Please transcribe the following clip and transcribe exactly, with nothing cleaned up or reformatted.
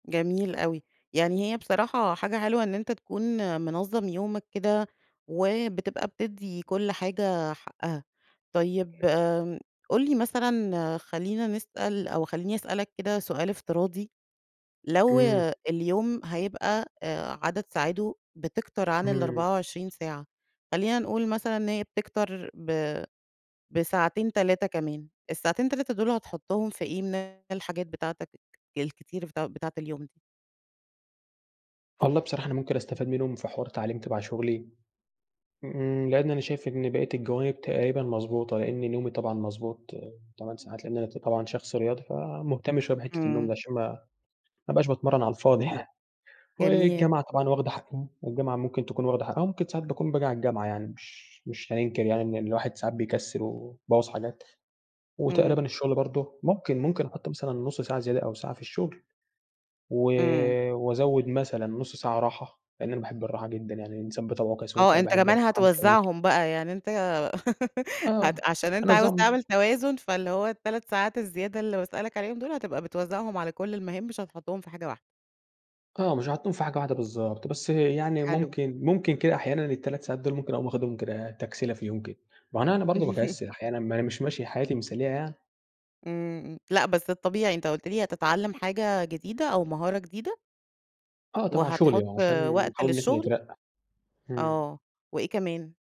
جميل أوي، يعني هي بصراحة حاجة حلوة إن أنتَ تكون منظّم يومك كده، وبتبقى بتدّي كل حاجة حقها. طيب، قل لي مثلًا، خلينا نسأل أو خليني أسألك كده سؤال افتراضي، لو امم. اليوم هيبقى، آآ، عدد ساعاته بتكتَر عن امم. الأربعة وعشرين ساعة، خلينا نقول مثلًا إن هي بتكتَر ب بساعتين، تلاتة كمان، الساعتين، تلاتة دول هتحطهم في إيه من الحاجات بتاعتَك الكتير بتاع بتاعة اليوم؟ والله بصراحة، أنا ممكن أستفاد منهم في حوار تعليم تَبَع شغلي. امم، لأن أنا شايف إن بقية الجوانب تقريبًا مضبوطة، لأن نومي طبعًا مضبوط، تمن ساعات. لأن أنا ط طبعًا شخص رياضي فمهتم شوية بحتّة النوم دي، امم. عشان ما ما أبقاش باتمرن على الفاضي يعني جميل. والجامعة طبعًا واخدة حقّ الجامعة ممكن تكون واخدة حقّها، وممكن ساعات باكون باجي على الجامعة يعني مش مش هننكر يعني إن الواحد ساعات بيكسل، ويبوظ حاجات، امم. وتقريبًا الشغل برضو ممكن ممكن أحط مثلًا نص ساعة زيادة أو ساعة في الشغل. و امم. وأزود مثلًا نص ساعة راحة، لأن أنا باحب الراحة جدًا، يعني الإنسان بطبعه كسول، آه، فأنا أنتَ باحب كمان الراحة مش هننكر. هتوزعهم بقى، يعني أنتَ آه، هت عشان أنتَ عاوز هنوزعهم تعمل توازن، فاللي هو التَلَت ساعات الزيادة اللي باسألك عليهم دول، هتبقى بتوزعهم على كل المهام، مش هتحطهم في حاجة واحدة. آه مش هاحطهم في حاجة واحدة، بالضبط. بس يعني حلو. ممكن ممكن كده أحيانًا التَلَت ساعات دول ممكن أقوم اخدهم كده تَكْسِيلة في يوم كده. مع إن أنا برضه باكسل أحيانًا، ما أنا مش ماشية حياتي مثالية يعني. امم، امم لأ، بس الطبيعي أنتَ قُلت لي، هتتعلم حاجة جديدة أو مهارة جديدة؟ آه تَبَع شغلي وهتحط آه، عشان وقت نحاول إن إحنا للشغل؟ نترقّى. امم. آه، وإيه كمان؟